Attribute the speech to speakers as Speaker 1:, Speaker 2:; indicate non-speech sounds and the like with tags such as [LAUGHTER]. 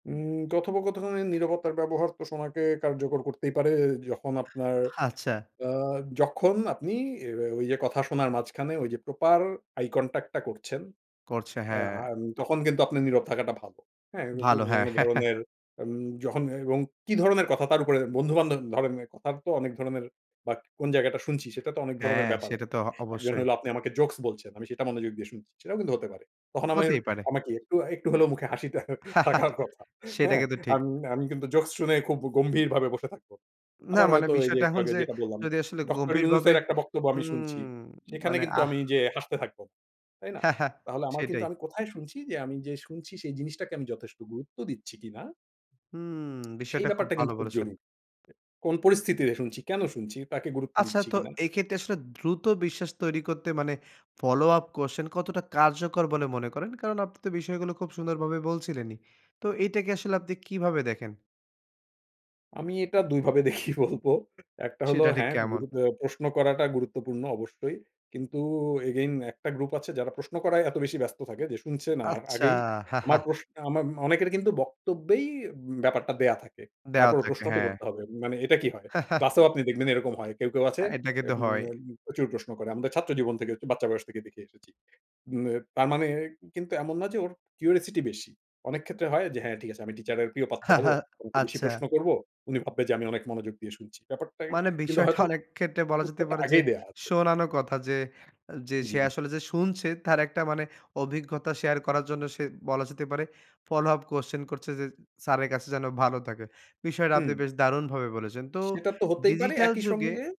Speaker 1: উম কথোপকথনে নিরবতার ব্যবহার কে সময়কে কার্যকর করতেই পারে। এ যখন আপনার
Speaker 2: আচ্ছা।
Speaker 1: আ যখন আপনি এ্যা ও ওই যে কথা শোনার মাঝখানে ওই যে প্রপার আইকনট্যাক্ট টা করছেন।
Speaker 2: করছে
Speaker 1: এ্যা
Speaker 2: হ্যাঁ।
Speaker 1: আম তখন কিন্তু আপনার নীরব থাকাটা ভালো। হ্যাঁ উদ্দ
Speaker 2: ভালো হ্যাঁ,
Speaker 1: অন্য
Speaker 2: হ্যাঁ, হ্যাঁ।
Speaker 1: ধরনের আম যখন এবং কি ধরনের কথা? তার উপরে বন্ধু-বান্ধব ধরনের কথার তো অনেক ধরনের। বাক কোন জায়গাটা শুনছি? সেটা তো অনেক ধরনের
Speaker 2: হ্যাঁ,
Speaker 1: ব্যাপার আ
Speaker 2: সেটা তো অ
Speaker 1: একজন
Speaker 2: অবশ্যই।
Speaker 1: হল আপনি আমাকে জোকস বলছেন আমি সেটা মনোযোগ দিয়ে শুনছি। সেটাও কিন্তু হতে পারে। তখন আমাদের
Speaker 2: হতেই পারে।
Speaker 1: আমাকে একটু, একটু হলেও মুখে হাসিটা থাকার
Speaker 2: [CHUCKLES]
Speaker 1: কথা
Speaker 2: সেটা
Speaker 1: হ্যাঁ,
Speaker 2: কিন্তু ঠিক
Speaker 1: আমি, আমি, কিন্তু জোকস শুনে খুব গ গম্ভীরভাবে বসে থাকবো।
Speaker 2: না,
Speaker 1: আবার
Speaker 2: মানে
Speaker 1: হয়তো এই যে
Speaker 2: বিষয়টা
Speaker 1: একটু
Speaker 2: এখন
Speaker 1: আগে
Speaker 2: যে
Speaker 1: যেটা বললাম।
Speaker 2: যদি আসলে
Speaker 1: ডক্টর
Speaker 2: গম্ভীরভাবে,
Speaker 1: ইউনুসের একটা বক্তব্য আমি
Speaker 2: উম
Speaker 1: শুনছি। সেখানে
Speaker 2: মানে
Speaker 1: কিন্তু
Speaker 2: আহ!
Speaker 1: আমি যে হাসতে থাকবো। তাই না?
Speaker 2: হ্যাঁ, হ্যাঁ
Speaker 1: তাহলে আমার কিন্তু
Speaker 2: সেটাই।
Speaker 1: আমি কোথায় শুনছি? যে আমি যে শুনছি সেই জিনিসটাকে আমি যথেষ্ট গুরুত্ব দিচ্ছি কি না?
Speaker 2: হুম,
Speaker 1: সেই
Speaker 2: বিষয়টা খুব
Speaker 1: ব্যাপারটা
Speaker 2: ভালো
Speaker 1: কিন্তু খুব
Speaker 2: বলেছেন।
Speaker 1: জরুরি। কোন পরিস্থিতিতে শুনছি? কেন শুনছি? তাকে গুরুত্ব
Speaker 2: আচ্ছা
Speaker 1: দিচ্ছি
Speaker 2: তো
Speaker 1: কি না?
Speaker 2: এইক্ষেত্রে আসলে দ্রুত বিশ্বাস তৈরী করতে মানে ফলোআপ কোয়েশ্চেন কতটা কার্যকর বলে মনে করেন? কারন আপনি তো বিষয়গুলো খুব সুন্দর ভাবে বলছিলেনই। তো এইটাকে আসলে আপনি কীভাবে দেখেন?
Speaker 1: আমি এটা ২ ভাবে দেখি বলবো একটা হলো
Speaker 2: সেটা ঠিক
Speaker 1: হ্যাঁ,
Speaker 2: কেমন?
Speaker 1: গ্রুপে আ প্রশ্ন করাটা গুরুত্বপূর্ণ অবশ্যই। কিন্তু এগেইন একটা গ্রুপ আছে যারা প্রশ্ন করায় এত বেশি ব্যস্ত থাকে যে শুনছে না। আ
Speaker 2: আচ্ছা।
Speaker 1: আগেই আমার
Speaker 2: [CHUCKLES]
Speaker 1: প্রশ আমার অনেকের কিন্তু বক্তব্যেই ব্যাপারটা দেয়া থাকে।
Speaker 2: দেওয়া
Speaker 1: তারপরও
Speaker 2: থাকে,
Speaker 1: প্রশ্ন তো
Speaker 2: হ্যাঁ।
Speaker 1: করতে হবে। মানে এটা কি হয়?
Speaker 2: [CHUCKLES]
Speaker 1: ক্লাসেও আপনি দেখবেন এরকম হয়। কেউ, কেউ, আছে
Speaker 2: আ এটা কিন্তু
Speaker 1: এব
Speaker 2: হয়।
Speaker 1: নেব প্রচুর প্রশ্ন করে। আমরা ছাত্র জীবন থেকে আরকি বাচ্চা বয়স থেকে দেখে এসেছি। মেব তার মানে কিন্তু এমন না যে ওর কিউরিওসিটি বেশি। অনেক ক্ষেত্রে হয় যে হ্যাঁ ঠিক আছে আমি টিচারের প্রিয় পাত্র
Speaker 2: হা,
Speaker 1: হব।
Speaker 2: হা,
Speaker 1: ওনাকে বেশি
Speaker 2: আচ্ছা।
Speaker 1: প্রশ্ন করব। উনি ভাববে যে আমি অনেক মনোযোগ দিয়ে শুনছি। ব্যাপারটায়
Speaker 2: মানে
Speaker 1: কিন্তু
Speaker 2: বিষয়টা
Speaker 1: হয়তো [GRUNTS]
Speaker 2: অনেক ক্ষেত্রে বলা যেতে
Speaker 1: উত্তরটা
Speaker 2: পারে যে
Speaker 1: আগেই দেওয়া আছে।
Speaker 2: শোনানো কথা। যে, আ যে সে
Speaker 1: জি।
Speaker 2: আসলে যে শুনছে তার একটা মানে অভিজ্ঞতা শেয়ার করার জন্য সে বলা যেতে পারে ফলোআপ কোয়েশ্চেন করছে। যে স্যারের কাছে যেন ভালো থাকে। বিষয়টা
Speaker 1: হুম।
Speaker 2: আপনি বেশ দারুণভাবে বলেছেন। তো
Speaker 1: সেটা তো হতেই পারে,
Speaker 2: ডিজিটাল
Speaker 1: একই
Speaker 2: যুগে
Speaker 1: সঙ্গে